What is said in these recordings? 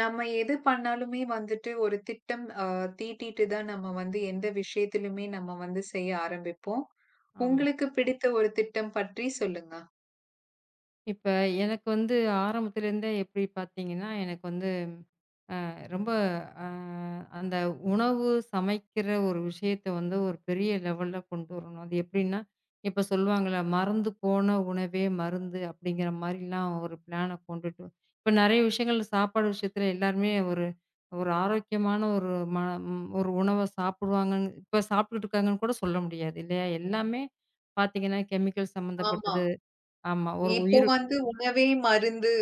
நாம எது பண்ணாலுமே வந்துட்டு, ஒரு திட்டம் ஆ தீட்டிட்டு தான் நம்ம வந்து எந்த விஷயத்துலயுமே நம்ம வந்து செய்ய ஆரம்பிப்போம். ஆமா. உங்களுக்குப் பிடித்த ஒரு திட்டம் பற்றிச் சொல்லுங்க? இப்ப எனக்கு வந்து ஆரம்பத்துலருந்தே எப்படி பாத்தீங்கன்னா எனக்கு வந்த அ ரொம்ப அ அந்த உணவு சமைக்கற ஒரு விஷயத்தை வந்து ஒரு பெரிய லெவல்ல கொண்டு வரணும். அது எப்டின்னா, இப்ப சொல்லுவாங்கள்ள மறந்து போன உணவே மருந்து அப்டிங்கற மாரிலாம் ஒரு பிளான கொண்டுட்டு இப்ப நிறைய விஷயங்கள்ள சாப்பாடு விஷயத்துல எல்லாருமே ஒரு ஒரு ஆரோக்கியமான ஒரு ம ஒரு உணவை சாப்பிடுவாங்கன்னு இப்ப சாப்டுட்டு இருக்காங்கன்னு கூடச் சொல்ல முடியாது இல்லையா. எல்லாமே பார்த்தீங்கன்னா கெமிக்கல்ஸ் ஆமா. சம்பந்தப்பட்டது. ஆமா ஒரு இப்போ உயிரு வந்து உணவே மருந்து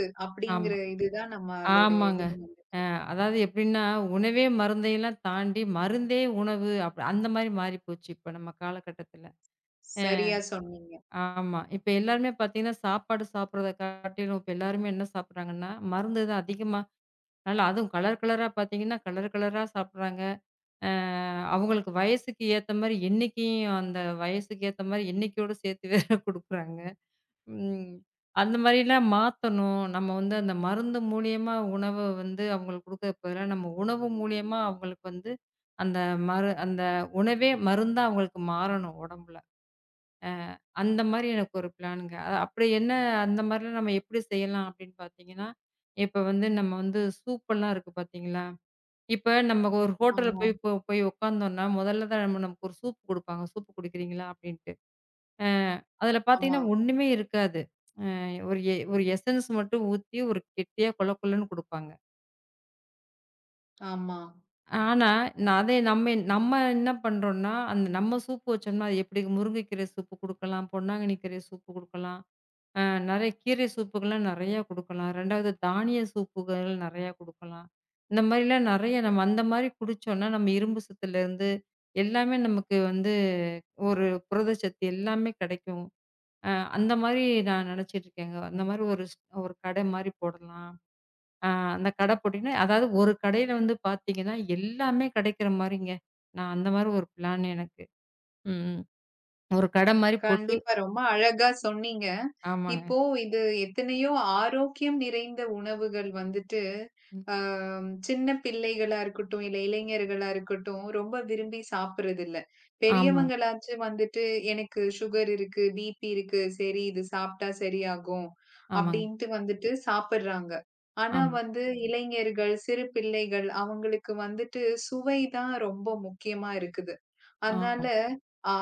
ஆமா அப்டிங்கற இதுதான் நம்மளோட ஆமாங்க. இதுலியும் அ வந்துட்டுருக்கு. அதாவது எப்டின்னா உணவே மருந்தயெல்லாம் தாண்டி மருந்தே உணவு. அப்டி அந்த மாரி மாறிப்போச்சு இப்ப நம்ம காலகட்டத்துல. அ. சரியா சொன்னீங்க. ஆமா இப்ப எல்லாருமே பாத்தீங்கன்னா சாப்பாடு சாப்பிடுறதை காட்டிலும் இப்ப எல்லாருமே என்ன சாப்பிடுறாங்கன்னா மருந்து தான் அதிகமா நல்லா அதுவும் கலர் கலரா பாத்தீங்கன்னா கலர் கலரா சாப்பிடுறாங்க. அ அவங்களுக்கு வயசுக்கு ஏத்த மாரி எண்ணிக்கையும் அந்த வயசுக்கு ஏத்த மாரி எண்ணிகையோட சேர்த்து வேற கொடுக்கிறாங்க. ம். அ அந்த மாரிலாம் மாத்தணும். நம்ம வந்து அந்த மருந்து மூலியமா உணவ வந்து அவங்களுக்கு குடுக்கறக்கு பதிலா நம்ம உணவு மூலியமா அவங்களுக்கு வந்து அந்த மரு அந்த உணவே மருந்தா அவங்களுக்கு மாறணும் உடம்புல. அ அந்த மாதிரி எனக்கு ஒரு பிளான்ங்க அப்படி என்ன அந்த மாதிரி நம்ம எப்படி செய்யலாம் அப்படின்னு பாத்தீங்கன்னா, இப்ப வந்து நம்ம வந்து சூப்பெல்லாம் எல்லாம் இருக்கு பாத்தீங்களா. இப்ப நம்ம ஒரு ஹோட்டல்ல ஆமா. போய் இப்ப போய் உட்காந்தோம்னா முதல்ல தான் நம் நமக்கு ஒரு sசூப் கொடுப்பாங்க. சூப் குடிக்கிறீங்களா அப்டின்ட்டு. அ அதுல ஆமா. பாத்தீங்கன்னா ஒண்ணுமே இருக்காது. அ. ஒரு எ ஒரு எசன்ஸ் மட்டும் ஊத்தி ஒரு கெட்டியா கொழ கொழன்னு கொடுப்பாங்க. ஆமா. ஆனா நான் அதே நம்மே நம்ம என்ன பண்றோம்னா அந்த நம்ம சூப் வச்சோம்னா அது எப்படி முருங்கைக்கீரை சூப் குடுக்கலாம். பொன்னாங்கண்ணி கீரை சூப் குடுக்கலாம். ஆ நறைய கீரை சூப்க்கேல்லாம் நறைய குடுக்கலாம். 2 வது தானிய சூப்புகள் நறைய குடுக்கலாம். இந்த மாரி எல்லாம் நிறைய நம்ம அந்த மாதிரி குடிச்சோம்னா நம்ம இரும்பு சத்துல இருந்து எல்லாமே நமக்கு வந்து ஒரு புரதச்சத்து எல்லாமே கிடைக்கும். ஆ அந்த மாரி நான் நினைச்சுக்கிட்டு இருக்கேங்க. அந்த மாரி ஒரு, ஒரு கடை மாரி போடலாம் ஆ அந்தக் கடை போட்டீங்கன்னா, அதாவது ஒரு கடைல வந்து பாத்தீங்கன்னா எல்லாமே கிடைக்கிற மாரிங்க. நான் அந்த மாரி ஒரு ப்ளான் எனக்கு. ம். ஒரு கடை மாரி போட்டு கண்டிப்பா ரொம்ப அழகா சொன்னீங்க. ஆமாங்க. இப்போ இது எத்தனையோ ஆரோக்கியம் நிறைந்த உணவுகள் வந்துட்டு ம். அ சின்னப் பிள்ளைகளா இருக்கட்டும், இல இளைஞர்களா இருக்கட்டும் ரொம்ப விரும்பி சாப்பிடுறது இல்ல. ஆமா. பெரியவங்களாச்சு வந்துட்டு எனக்கு சுகர் இருக்கு, பி.பி. இருக்கு. சரி இது சாப்பிட்டா சரியாகும் ஆமாங்க. அப்படின்னு வந்துட்டு சாப்பிடுறாங்க. ஆனா ஆமா. வந்து இளைஞர்கள், சிறு பிள்ளைகள் அவங்களுக்கு வந்துட்டு சுவை தான் ரொம்ப முக்கியமா இருக்குது. அதனால ஆம். ஆ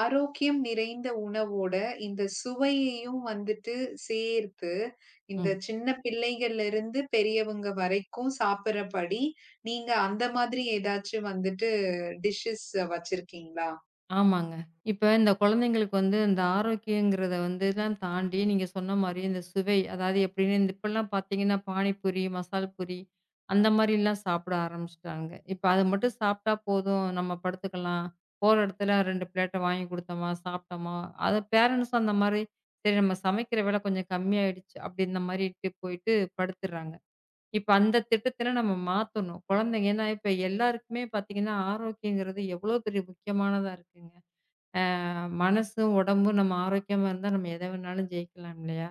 ஆரோக்கியம் நிறைந்த உணவோட இந்தச் சுவையையும் வந்துட்டு சேர்த்து, ம். இந்தச் சின்னப் பிள்ளைகள்ல இருந்து பெரியவங்க வரைக்கும் சாப்பிடுற படி நீங்க அந்த மாதிரி ஏதாச்சு வந்துட்டு டிஷஸ் வச்சிருக்கீங்களா? ஆமாங்க. இப்ப இந்தக் குழந்தைகளுக்கு வந்து இந்த ஆரோக்கியங்கிறதை வந்து எல்லாம் தாண்டி நீங்கச் சொன்ன மாரி இந்தச் சுவை. அதாவது எப்படின்னு இப்ப எல்லாம் பாத்தீங்கன்னா பானிபூரி, மசாலாபூரிஅந்த மாதிரி எல்லாம் சாப்பிட ஆரம்பிச்சிட்டாங்க. இப்ப அதை மட்டும் சாப்பிட்டா போதும். நம்ம படுத்துக்கலாம். போற இடத்துல 2 ப்ளேட் வாங்கி கொடுத்தோம்னா சாப்பிட்டோமா? அது பேரண்ட்ஸ் அந்த மாதிரி நாம சமைக்கிற வேலை கொஞ்சம் கம்மியாயிடுச்சு அப்படின்னு அந்த மாதிரி போயிட்டு படுத்துடுறாங்க. இப்ப அந்தத் திட்டத்தை நாம மாத்தணும். குழந்தைங்க. ஏன்னா, இப்ப எல்லாருக்குமே பாத்தீங்கன்னா ஆரோக்கியங்கிறது எவ்வளவு பெரிய முக்கியமானதா இருக்குங்க. மனசு, உடம்பு நாம ஆரோக்கியமா இருந்தா நாம எதை வேணாலும் ஜெயிக்கலாம் இல்லையா?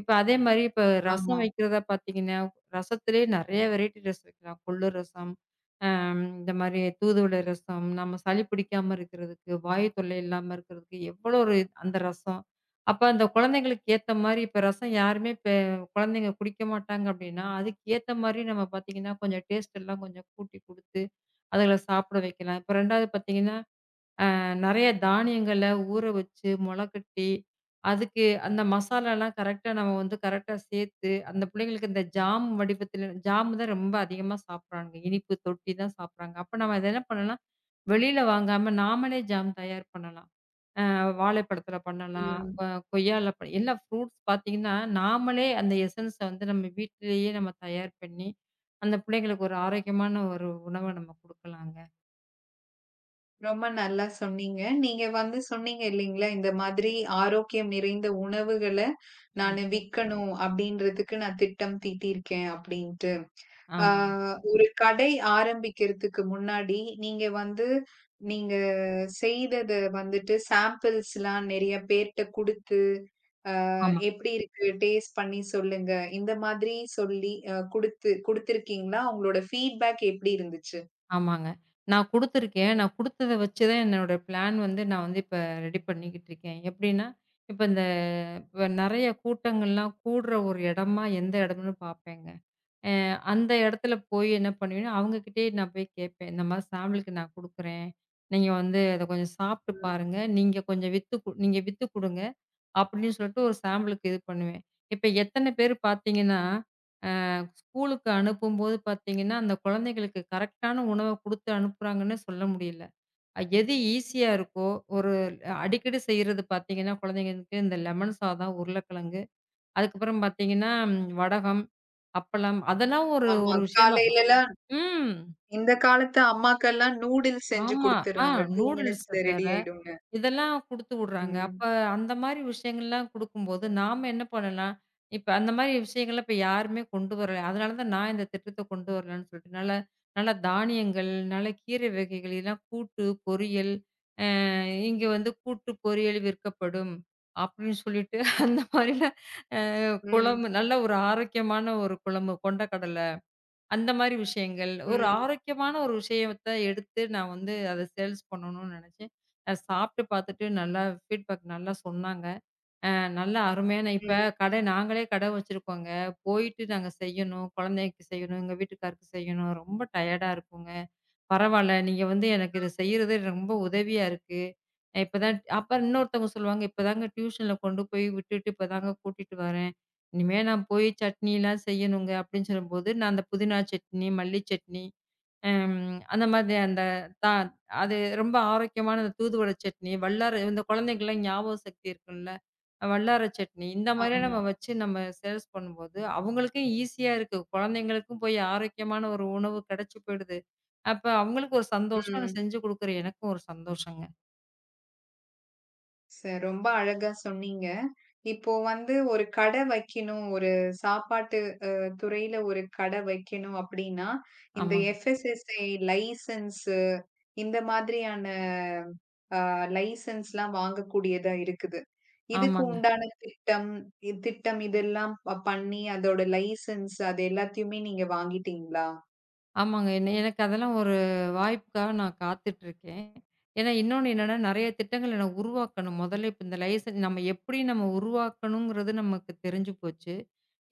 இப்ப அதே மாதிரி இப்ப ரசம் ஆமா. வைக்கிறத பாத்தீங்கன்னா ரசத்திலேயே நிறைய வெரைட்டி ரசம் வைக்கலாம். கொள்ளு ரசம் இந்த மாதிரி தூதுவளை ரசம். நம்ம சளி பிடிக்காம இருக்கறதுக்கு, வாயுத் தொல்லை இல்லாம இருக்கறதுக்கு எவ்வளவு ஒரு அந்த ரசம். அப்ப அந்த குழந்தைகளுக்கு ஏத்த மாதிரி இப்ப ரசம் யாருமே குழந்தைங்க குடிக்க மாட்டாங்க அப்படின்னா அதுக்கு ஏத்த மாதிரி நாம பாத்தீங்கன்னா கொஞ்சம் டேஸ்ட்டு எல்லாம் கொஞ்சம் கூட்டி குடுத்து அதுகல சாப்பிட வைக்கலாம். 2வது பாத்தீங்கன்னா நிறைய தானியங்களை ஊற வச்சு முளைக்கட்டி அதுக்கு அந்த மசாலா எல்லாம் கரெக்ட்டா நம்ம வந்து கரெக்ட்டா சேர்த்து அந்தப் பிள்ளைங்களுக்கு இந்த ஜாம் வடிவத்தில் ஜாம் தான் ரொம்ப அதிகமா சாப்பிடுறாங்க. இனிப்பு தொட்டி தான் சாப்பிடுறாங்க. அப்ப நாம என்ன பண்ணலாம், வெளியில வாங்காம நாமளே ஜாம் தயார் பண்ணலாம். வாழைப் பழத்துல பண்ணலாம். ம். கொய்யா, எல்லாம் ஃப்ரூட்ஸ் பாத்தீங்கன்னா நாமளே அந்த எஸ்ஸென்ஸ் வந்து நம்ம வீட்டிலேயே நாம தயார் பண்ணி அந்தப் பிள்ளைங்களுக்கு ஒரு ஆரோக்கியமான ஒரு உணவை நாம கொடுக்கலாங்க. ரொம்ப நல்லா சொன்னீங்க. நீங்க வந்து சொன்னீங்க இல்லீங்களா, இந்த மாதிரி ஆரோக்கியம் நிறைந்த உணவுகள ஆம். நானு விக்கணும் அப்படின்றதுக்கு நான் திட்டம் தீட்டி இருக்கேன் அப்படின்னு. ஆ ஆமாங்க. ஒரு கடை ஆரம்பிக்கறதுக்கு முன்னாடி நீங்க வந்து நீங்க செய்ததை வந்துட்டு ஷாம்பிள் எல்லாம் நிறைய பேர் கிட்ட குடுத்து, அ ஆமா. எப்படி இருக்கு டேஸ்ட் பண்ணி சொல்லுங்க, இந்த மாதிரி சொல்லி குடுத்து குடுத்திருக்கீங்களா? உங்களோட ஃபீட்பேக் எப்படி இருந்துச்சு? ஆமாங்க. நான் குடுத்திருக்கேன். நான் குடுத்தத வச்சு தான் என்னோட ப்ளான் வந்து நான் இப்ப ரெடி பண்ணிக்கிட்டு இருக்கேன். எப்படின்னா, இப்ப இந்த நிறைய கூட்டங்கள் எல்லாம் கூடுற ஒரு இடமா எந்த இடம்னு பார்ப்பேங்க. அ அந்த இடத்துல போய் என்ன பண்ணுவேன்? அவங்ககிட்டயே நான் போய்க் கேட்பேன். இந்த மாரி ஷாம்பிள்க்கு நான் குடுக்கறேன். நீங்க வந்து அதை கொஞ்சம் சாப்ட்டு பாருங்க. நீங்க கொஞ்சம் வித்து நீங்க வித்துக் குடுங்க அப்படின்னு சொல்லிட்டு ஒரு ஷாம்பிள்க்கு இது பண்ணுவேன். இப்ப எத்தனை பேர் பாத்தீங்கன்னா அ ஸ்கூலுக்கு அனுப்பும்போது பாத்தீங்கன்னா அந்தக் குழந்தைகளுக்கு கரெக்ட்டான உணவைக் குடுத்து அனுப்புறாங்கன்னு சொல்ல முடியல. எது ஈசியா இருக்கோ ஒரு அடிக்கடி செய்யறது பாத்தீங்கன்னா குழந்தைகளுக்கு இந்த லெமன் சாதம், உருளைக்கிழங்கு அதுக்கப்புறம் பாத்தீங்கன்னா வடகம், அப்பளம் அதெல்லாம் ஒரு ஆமா, ஒரு விஷயமா காலையில எல்லாம் ம். இந்தக் காலத்து அம்மாக்கள் எல்லாம் நூடுல்ஸ் செஞ்சு ஆமா. ஆ குடுத்துடுறாங்க. டூ நூடுல்ஸ் மினிட்ஸ் அது வேற. ரெடி ஆயிடும்ங்க. இதெல்லாம் குடுத்துடுறாங்க. அப்ப ம். அந்த மாரி விஷயங்கள் எல்லாம் கொடுக்கும்போது நாம என்ன பண்ணனும்னா, இப்ப அந்த மாரி விஷயங்களை யாருமே கொண்டு வரல. அதனால தான் நான் இந்தத் திட்டத்தைக் கொண்டு வரலாம்னு சொல்லிட்டுனால நல்லா தானியங்கள், நல்ல கீரை வகைகள் இல்லன்னா கூட்டு, பொரியல். அ இங்க வந்து கூட்டு பொரியல் விற்கப்படும். அப்படின்னு சொல்லிட்டு அந்த மாரி ம். குழம்பு நல்ல ஒரு ஆரோக்கியமான ஒரு குழம்பு கொண்ட கடலை. அந்த மாரி விஷயங்கள். ஒரு ம். ஆரோக்கியமான ஒரு விஷயத்த எடுத்து நான் வந்து அதை சேல்ஸ் பண்ணனும்னு நினைச்சேன். அ, சாப்பிட்டு பாத்துட்டு நல்லா ஃபீட்பேக் நல்லா சொன்னாங்க. அ நல்ல அருமையான இப்ப ம். கடை நாங்களே கடை வச்சிருக்கோங்க. போயிட்டு நாங்க செய்யணும். குழந்தைக்கு செய்யணும். எங்க வீட்டுக்காரருக்கு செய்யணும். ரொம்ப டயர்ட்டா இருக்குங்க. பரவால்ல. நீங்க வந்து எனக்கு இது [unintelligible] செய்யறது ரொம்ப உதவியா இருக்கு. இப்ப தான் அப்புறம் இன்னொருத்தவங்க சொல்லுவாங்க. இப்ப தாங்க டியூஷன்ல கொண்டு போய் விட்டுட்டு இப்ப தாங்க கூட்டிட்டு வரேன். இனிமே நான் போய் சட்னி எல்லாம் செய்யணுங்க அப்படின்னு சொல்லும்போது நான் அந்த புதினா சட்னி, மல்லி சட்னி அம் அந்த மாதிரி அந்த தா அது ரொம்ப ஆரோக்கியமான தூதுவள சட்னி, வல்லார இந்த குழந்தைகளுக்கு ஞாபக சக்தி இருக்கும் வல்லார சட்னி. இந்த மாதிரி ஆமா. நம்ம வச்சு நம்ம சேல்ஸ் பண்ணும்போது அவங்களுக்கு ஈஸியா இருக்கு. குழந்தைகளுக்கும் போய் ஆரோக்கியமான ஒரு உணவு கிடைச்சு போயிடுது. அப்போ அவங்களுக்கு ஒரு சந்தோஷம். ம். செஞ்சு கொடுக்கற எனக்கும் ஒரு சந்தோஷம்ங்க. ச ரொம்ப அழகா சொன்னீங்க. இப்போ வந்து ஒரு கடை வைக்கணும். ஒரு சாப்பாட்டு அ துறையில ஒரு கடை வைக்கணும் அப்படின்னா இந்த ஆமாங்க. FSSAI லைசன்ஸ் இந்த மாதிரியான அ லைசன்ஸ் எல்லாம் வாங்கக்கூடியதா இருக்குது. ஆமாங்க. இதுக்குண்டான திட்டம் திட்டம். இதெல்லாம் பண்ணி அதோட லைசன்ஸ் அத எல்லாத்தையுமே நீங்க வாங்கிட்டீங்களா? ஆமாங்க. என்ன எனக்கு அதெல்லாம் ஒரு வாய்ப்புக்காக நான் காத்துகிட்டு இருக்கேன். ஏன்னா இன்னொன்னு என்னன்னா நிறைய திட்டங்கள் உருவாக்கணும். முதல்ல இப்ப இந்த லைசன்ஸ் நம்ம எப்படி நம்ம உருவாக்கணும்ங்கறது நமக்குத் தெரிஞ்சு போச்சு.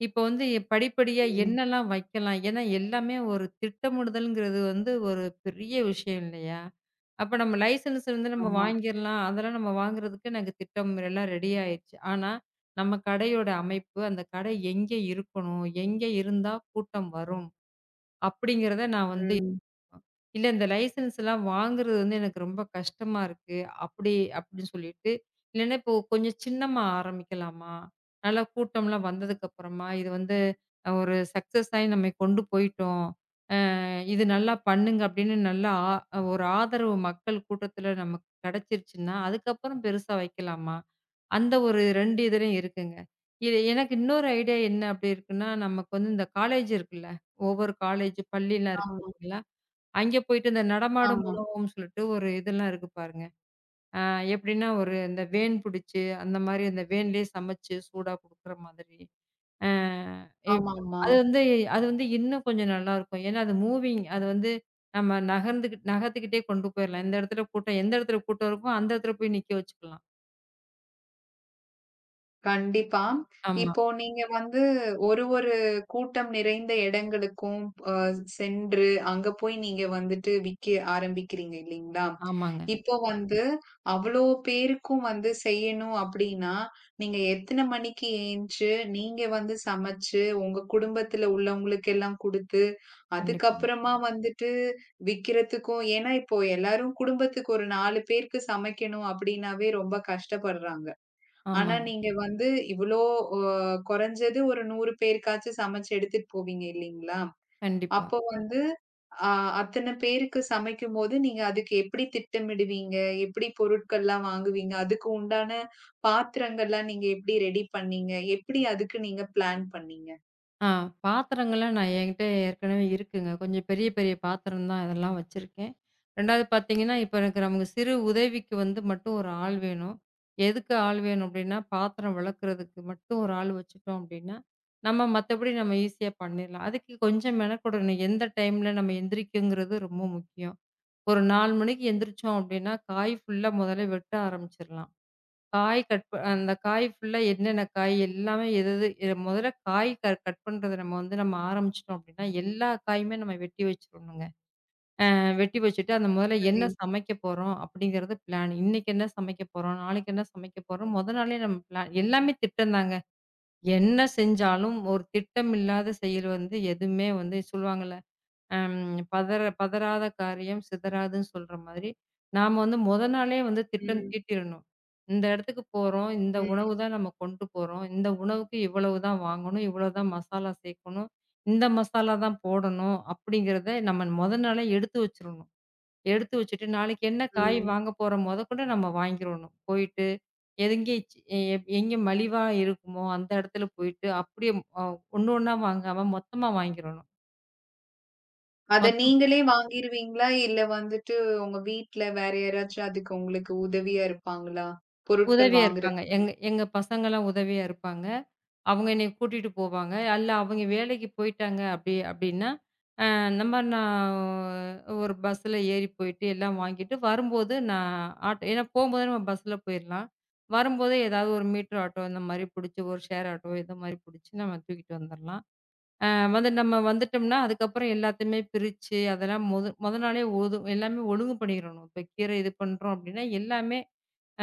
இப்ப வந்து படிப்படியா ம். என்னல்லாம் வைக்கலாம். ஏன்னா எல்லாமே ஒரு திட்டமிடுதல்ங்கறது வந்து ஒரு பெரிய விஷயம் இல்லையா, அப்போ நம்ம லைசன்ஸ் இருந்து நாம ஆமா. வாங்கிக்கலாம். அதெல்லாம் நாம வாங்குறதுக்கு எனக்குத் திட்டம் எல்லாம் ரெடி ஆயிடுச்சு. ஆனா நம்ம கடை யோட அமைப்பு அந்தக் கடை எங்கே இருக்கணும், எங்கே இருந்தா கூட்டம் வரும் அப்படிங்கறத நான் வந்து ம். இல்ல. இந்த லைசன்ஸ் எல்லாம் வாங்குறது எனக்கு ரொம்ப கஷ்டமா இருக்கு. அப்படி அப்படின்னு சொல்லிட்டு இல்லனா இப்போ கொஞ்சம் சின்னமா ஆரம்பிக்கலாமா? நல்ல கூட்டம் எல்லாம் வந்ததுக்கு அப்புறமா இது வந்து ஒரு சக்சஸ் நாம கொண்டு போயிட்டோம். இது நல்லா பண்ணுங்க அப்படின்னு நல்லா ஒரு ஆதரவு மக்கள் கூட்டத்துல நமக்குக் கிடைச்சிடுச்சுன்னா அதுக்கப்புறம் பெருசா வைக்கலாமா? அந்த ஒரு 2 இதலயும் இருக்குங்க. இது எனக்கு இன்னொரு ஐடியா என்ன அப்படி இருக்குன்னா, நமக்கு இந்தக் காலேஜ் இருக்குல்ல. ஒவ்வொரு காலேஜ் பள்ளில்லாம் இருக்கு ஆமா. இல்ல. அங்க போயிட்டு அந்த நடமாடும் ஆமா. உணவு ன்னு சொல்லிட்டு ஒரு இது எல்லாம் இருக்கு பாருங்க. எப்படின்னா ஒரு வேன் புடிச்சு அந்த மாதிரி அந்த வேன்லயே சமைச்சு சூடா கொடுக்கிற மாதிரி. ஆமாமா! அது வந்து. அது வந்து இன்னும் கொஞ்சம் நல்லா இருக்கும். ஏன்னா அது மூவிங். அது வந்து நம்ம நகர்ந்து நகர்த்துகிட்டே கொண்டு போயிரலாம். இந்த இடத்துல கூட்டம் எந்த இடத்துல கூட்டம் இருக்குமோ அந்த இடத்துல போய் நிக்க வச்சுக்கலாம். கண்டிப்பா. ஆமா. இப்போ நீங்க வந்து ஒரு ஒரு கூட்டம் நிறைந்த இடங்களுக்கும் போ சென்று அங்க போய் நீங்க வந்துட்டு விக்க ஆரம்பிக்கறீங்க இல்லீங்களா, ஆமாங்க. இப்போ வந்து அவ்வளவு பேருக்கும் வந்து செய்யணும் அப்படின்னா நீங்க எத்தனை மணிக்கு எந்துச்சு, நீங்க வந்து சமைச்சு உங்க குடும்பத்துல உள்ளவங்களுக்கெல்லாம் குடுத்து கண்டிப்பா. அதுக்கப்புறமா வந்துட்டு விக்கிறதுக்கும். ஏன்னா இப்போ எல்லாரும் குடும்பத்துக்கு ஒரு 4 பேருக்கு சமைக்கணும் அப்படின்னாவே ரொம்ப கஷ்டப்படுறாங்க. ஆனா ஆமாங்க. நீங்க வந்து இவ்வளோ அ குறைஞ்சது ஒரு 100 பேருக்காச்சு சமைச்சு எடுத்துட்டு போவீங்க இல்லீங்களா. கண்டிப்பா. அப்போ வந்து அ அத்தனை பேருக்கு சமைக்கும்போது நீங்க அதுக்கு எப்படி திட்டம் இடுவீங்க. எப்படி பொருட்கள் எல்லாம் வாங்குவீங்க. அதுக்குண்டான பாத்திரங்கள் எல்லாம் நீங்க எப்படி ரெடி பண்ணீங்க. எப்படி அதுக்கு நீங்க பிளான் பண்ணீங்க. அ பாத்திரங்கள்லாம் நான் என்கிட்ட ஏற்கனவே இருக்குங்க. கொஞ்சம் பெரிய பெரிய பாத்திரம் தான், அதெல்லாம் வச்சிருக்கேன். 2வது பாத்தீங்கன்னா இப்ப எனக்கு நம்ம சிறு உதவிக்கு வந்து மட்டும் ஒரு ஆள் வேணும். எதுக்கு ஆள் வேணும் அப்படின்னா பாத்திரம் விளக்கறதுக்கு மட்டும் ஒரு ஆள் வச்சுகிட்டோம் அப்படின்னா. நம்ம மத்தபடி நாம ஈஸியா பண்ணிடலாம். அதுக்கு கொஞ்சம் மென கொடணும். எந்த டைம்ல நம்ம எந்திரிக்கிறது ரொம்ப முக்கியம். ஒரு 4 மணிக்கு எந்திருச்சோம். அப்படின்னா காய் புல்லா முதல்ல வெட்ட ஆரம்பிச்சிடலாம். காய் கட் அந்த காய் புல்லா என்னென்ன காய் எல்லாமே, எது எது முதல்ல காய் கட் பண்றத நம்ம வந்து, நம்ம ஆரம்பிச்சிட்டோம் அப்படின்னா. எல்லா காயுமே நம்ம வெட்டி வச்சிருனுங்க. அ வெட்டி வச்சிட்டு அந்த முதல்ல சரி. என்ன சமைக்க போறோம் அப்படிங்கறது பிளான் இன்னைக்கு என்ன சமைக்க போறோம், நாளைக்கு என்ன சமைக்க போறோம். மொத நாளே நம் எல்லாமே திட்டம் தாங்க. என்ன செஞ்சாலும் ஒரு திட்டம் இல்லாத செயல் வந்து எதுவுமே வந்து சொல்லுவாங்க. ம், பதற பதறாத காரியம் சிதறாதுன்னு சொல்ற மாதிரி நாம வந்து மொத நாளே வந்து திட்டம் ம். தீட்டிடணும். இந்த இடத்துக்கு போறோம். இந்த ம். உணவு தான் நாம கொண்டு போறோம். இந்த உணவுக்கு இவ்வளவு தான் வாங்கணும். இவ்வளவு தான் மசாலா சேர்க்கணும். இந்த மசாலா தான் போடணும் அப்படிங்கறத நம்ம மொத நாளே எடுத்து வச்சிரனும். எடுத்து வச்சிட்டு நாளைக்கு என்ன காய் ம். வாங்க போறோம். முதற்கொண்டு நாம வாங்கிடனும். போயிட்டு எங்க, எங்க மலிவா இருக்குமோ அந்த இடத்துல போயிட்டு அப்படியே ஒண்ணு ஒண்ணா வாங்காம மொத்தமா வாங்கிரணும். அத மொத்தம் நீங்களே வாங்கிடுவீங்களா இல்ல வந்துட்டு உங்க வீட்டுல வேற யாராச்சும் அதுக்கு உங்களுக்கு உதவியா இருப்பாங்களா, பொருட்கள் உதவியா இருப்பாங்க. வாங்குறதுக்கு? எங்க எங்க பசங்கலாம் உதவியா இருப்பாங்க. அவங்க என்னைய கூட்டிட்டு போவாங்க. இல்ல அவங்க வேலைக்கு போய்ட்டாங்க. அப்படி அப்படின்னா அ நம்ம நா ஒரு பஸ் ஏறிப் போயிட்டு எல்லாம் வாங்கிட்டு, வரும்போது நான் ஆட்டோ ஏன்னா போகும்போது பஸ்ல போயிரலாம். வரும்போது ஏதாவது ஒரு மீட்டர் ஆட்டோ இந்த மாரி புடிச்சு ஒரு ஷேர் ஆட்டோ மாதிரி புடிச்சு நாம தூக்கிட்டு வந்துடலாம். அ அது நம்ம வந்துட்டோம்னா அதுக்கப்புறம் எல்லாத்தையுமே பிரிச்சு அதெல்லாம் மொத மொத நாளே எல்லாம் ஒழுங்கு பண்ணிறனும். இப்ப கீரை பண்றோம் அப்படின்னா எல்லாமே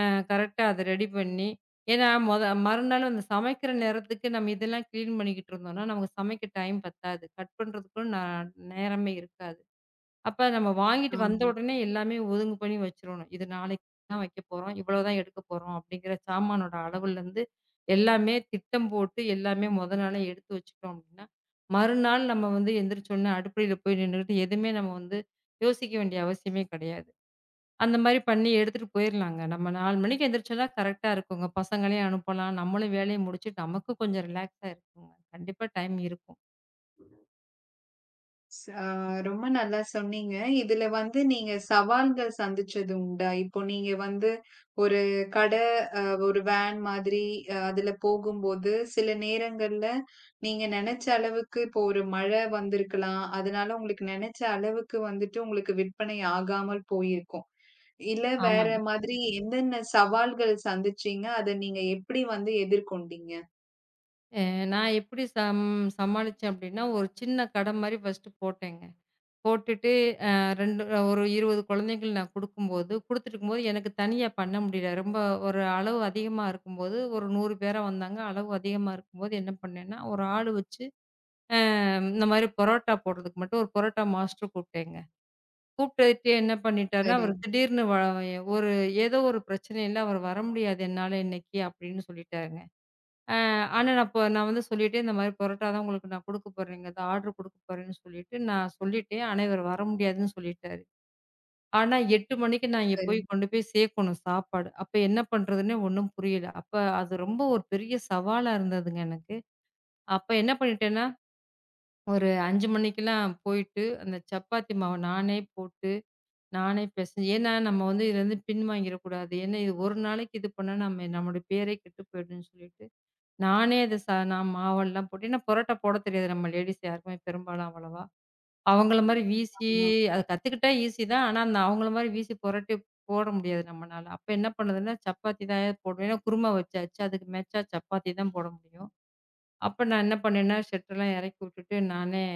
அ கரெக்ட்டா அது ரெடி பண்ணி. ஏன்னா மொத மறுநாள் சமைக்கிற நேரத்துக்கு நாம இதெல்லாம் க்ளீன் பண்ணிக்கிட்டு இருந்தோம். நமக்குச் சமைக்க டைம் பத்தாது. கட் பண்றதுக்கும் ந நேரமே இருக்காது. அப்ப நாம வாங்கிட்டு ஆமா. வந்தவுடனே எல்லாமே ஒதுங்கு பண்ணி வச்சிறனும். இது நாளைக்கு தான் வைக்கப்போறோம். இவ்வளவு தான் எடுக்கப்போறோம் அப்படிங்கற சாமானோட அளவுல இருந்து எல்லாமே திட்டம் போட்டு எல்லாமே மொத நாளே எடுத்து வச்சிட்டோம் அப்டின்ன, மறுநாள் நம்ம வந்து எந்திருச்சு உடனே அடுப்புல போய் நின்னுட்டு எதுவுமே நம்ம வந்து யோசிக்க வேண்டிய அவசியமே கிடையாது. அந்த மாரி பண்ணி எடுத்துட்டு போயிரலாம். நம்ம 4 மணிக்கு எந்திருச்சு தான் கரெக்ட்டா இருக்கும்ங்க. பசங்களையும் அனுப்பலாம். நம்மளும் வேலையை முடிச்சுட்டு நமக்கும் கொஞ்சம் ரிலக்ஸ்ஸா இருக்கும். கண்டிப்பா டைம் இருக்கும். ஆமா. ரொம்ப நல்லா சொன்னீங்க. இதுல வந்து நீங்கச் சவால்கள் சந்திச்சது உண்டா? இப்போ நீங்க வந்து ஒரு கடை, அ, ஒரு வேன் மாதிரி அதுல போகும்போது சில நேரங்கள்ல நீங்க நெனைச்ச அளவுக்கு இப்போ ஒரு மழை வந்திருக்கலாம். அதனால உங்களுக்கு நெனைச்ச அளவுக்கு வந்துட்டு உங்களுக்கு விற்பனை ஆகாமல் போயிருக்கும். இல்ல வேற ஆமாங்க. மாதிரி என்னென்ன சவால்கள் சந்திச்சீங்க? அதை நீங்க எப்படி வந்து எதிர்கொண்டீங்க? அ, நான் எப்படி சம்-சமாளிச்சேன் அப்படின்னா ஒரு சின்னக் கடை மாரி ஃபர்ஸ்ட் போட்டேங்க. போட்டுட்டு, அ, 2 ஒரு 20 குழந்தைகளுக்கு நான் கொடுக்கும்போது, கொடுத்து இருக்கும்போது எனக்குத் தனியா பண்ண முடியல. ரொம்ப ஒரு அளவு அதிகமா இருக்கும்போது ஒரு 100 பேரா வந்தாங்க. அளவு அதிகமா இருக்கும்போது என்ன பண்ணேன்னா ஒரு ஆள் வச்சு, அ, இந்த மாதிரி புரோட்டா போடுறதுக்கு மட்டும் ஒரு புரோட்டா மாஸ்டர் கூப்பிட்டேங்க. கூப்பிட்டுட்டு என்ன பண்ணிட்டார்னா சரி. அவரு திடீர்னு ஒரு ஏதோ ஒரு பிரச்சனை இல்ல அவரு வர முடியாது என்னால இன்னைக்கு அப்படின்னு சொல்லிட்டாருங்க. ஆ, ஆனா நான் வந்து சொல்லிட்டேன் இந்த மாரி பரோட்டா தான் உங்களுக்கு நான் கொடுக்கப்போறேங்கறதை ஆர்டர் கொடுக்கப்போறேன்னு சொல்லிட்டு நான் சொல்லிட்டேன். ஆனா அவரு வர முடியாதுன்னு சொல்லிட்டாரு. ஆனா 8:00 மணிக்கு நான் அங்க சரி. போய்க் கொண்டுபோய் சேர்க்கணும் சாப்பாடு. அப்ப என்ன பண்றதுன்னே ஒண்ணும் புரியல. அப்ப அது ரொம்ப ஒரு பெரிய சவாலா இருந்ததுங்க எனக்கு. அப்ப என்ன பண்ணிட்டேன்னா ஒரு 5:00 மணிக்கு எல்லாம் போயிட்டு அந்தச் சப்பாத்தி மாவை நானே போட்டு நானே பெசஞ்சி, ஏன்னா நம்ம வந்து இதிலிருந்து பின் வாங்கிற கூடாது. ஏன்னா இது ஒரு நாளைக்கு இது பண்ணா நம்ம, நம்மளோட பேரே கெட்டு போயிடும்னு சொல்லிட்டு நானே அதைச் நான் மாவு எல்லாம் போட்டு, ஏன்னா புரோட்டா போடத் தெரியாது நம்ம லேடீஸ் யாருக்கும் பெரும்பாலும் அவ்வளவா? அவங்களை ம். மாதிரி வீசி, ஆமா. அதைக் கத்துக்கிட்டா ஈசியா தான். ஆனா அந்த அவங்களை மாரி வீசி புரோட்டா போட முடியாது நம்மனால. அப்ப என்ன பண்ணதுன்னா சப்பாத்தி தான் ஏதோ போடணும். ஏன்னா குருமா வச்சாச்சு அதுக்கு மேச்சா சப்பாத்தி தான் போட முடியும். அப்ப நான் என்ன பண்ணேன்னா ஷட்டர் எல்லாம் இறக்கிவிட்டுட்டு நானே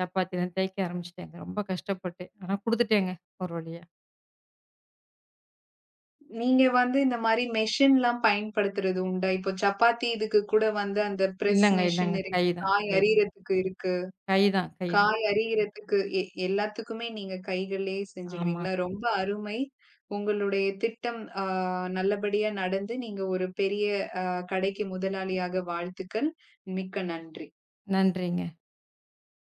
சப்பாத்தி எல்லாம் தேக்க ஆரம்பிச்சிட்டேங்க. ரொம்ப கஷ்டப்பட்டு. ஆனா கொடுத்துட்டேங்க ஒரு வழியா. நீங்க வந்து இந்த மாரி மெஷின் எல்லாம் பயன்படுத்துறது உண்டா? இப்போ சப்பாத்தி இதுக்கு கூட வந்து அந்த ப்ரெஸ் இல்லங்க இல்லங்க. மெஷின் இருக்கு. கை தான் காய் கை தான். அரியரக்கு இருக்கு. கை தான் கை தான். காய் அரிக்கு, எ எல்லாத்துக்குமே நீங்கக் கைகளே ஆமாங்க. செஞ்சுடுவீங்களா? ரொம்ப அருமை. உங்களுடைய திட்டம் ஆ, நல்லபடியா நடந்து நீங்க ஒரு பெரிய கடைக்கு முதலாளியாக. வாழ்த்துக்கள். மிக்க நன்றி. நன்றிங்க.